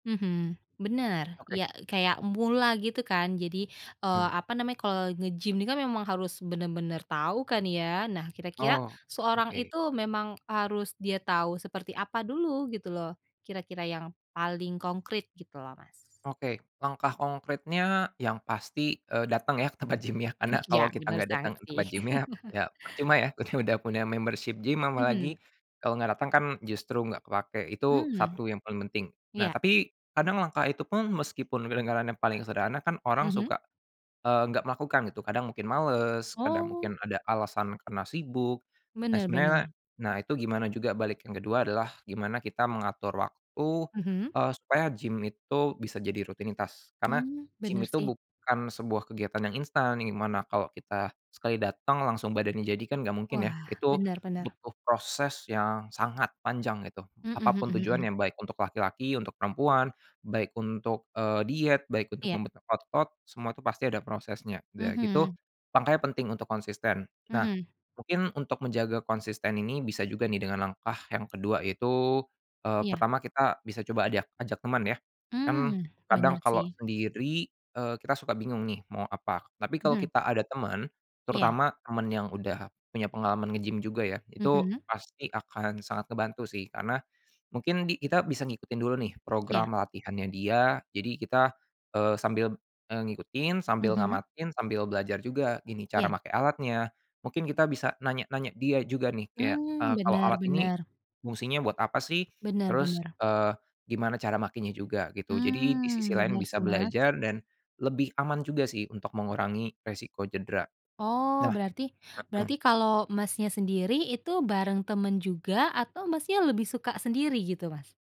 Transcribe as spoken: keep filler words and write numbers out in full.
Mhm, bener Oke. ya kayak mula gitu kan? Jadi, eee, Mmm. apa namanya kalau nge-gym ini kan memang harus bener-bener tahu kan ya? Nah kira-kira, Oh seorang oke. itu memang harus dia tahu seperti apa dulu gitu loh, kira-kira yang paling konkrit gitu loh, Mas. Oke langkah konkretnya yang pasti, eee, dateng ya ke tempat gym-nya karena Iya kalau kita bener nggak sangat dateng ke sih. tempat gym-nya ya percuma ya kita udah punya membership gym apalagi, Mhm. kalau nggak dateng kan justru gak kepake itu Mhm, satu yang paling penting nah iya. tapi kadang langkah itu pun meskipun kedengarannya paling sederhana kan orang Mhm. suka, eee, nggak melakukan gitu kadang mungkin males, kadang Oh. mungkin ada alasan karena sibuk, nah Bener sebenarnya, bener. nah itu gimana juga balik yang kedua adalah gimana kita mengatur waktu, Mhm. eee, supaya gym itu bisa jadi rutinitas karena, Mmm, gym bener itu sih. bukan sebuah kegiatan yang instan yang dimana kalau kita sekali dateng langsung badannya jadi kan gak mungkin ya Wah itu, bener bener. butuh proses yang sangat panjang itu Mhm apa mhm pun mhm. tujuannya baik untuk laki-laki, untuk perempuan, baik untuk, eee, diet, baik untuk Iya. membentuk otot semua itu pasti ada prosesnya udah gitu, Mhm. mangkanya penting untuk konsisten nah, Mhm. mungkin untuk menjaga konsisten ini bisa juga nih dengan langkah yang kedua yaitu, eee, Iya. pertama kita bisa coba ajak ajak temen ya, kan Mmm, kadang bener kalau sih. sendiri, eee, kita suka bingung nih mau apa tapi kalau Mhm. kita ada temen, Iya. terutama temen yang udah punya pengalaman nge-gym juga ya itu Mhm. pasti akan sangat ngebantu sih karena, mungkin di kita bisa ngikutin dulu nih Iya. program latihannya dia jadi kita, eee, sambil, eee, ngikutin sambil Mhm. ngamatin sambil belajar juga gini cara Iya. make alatnya, mungkin kita bisa nanya-nanya dia juga nih kayak, Mmm, eee, kalau bener alat ini, bener. fungsinya buat apa sih? Bener Terus, bener. eee, gimana cara makenya juga gitu jadi di sisi Mmm, lain bener bisa sih, Mas. belajar dan, lebih aman juga sih untuk mengurangi resiko cedera Oh nah, berarti heeh. berarti kalau Masnya sendiri itu bareng temen juga atau Masnya lebih suka sendiri gitu, Mas?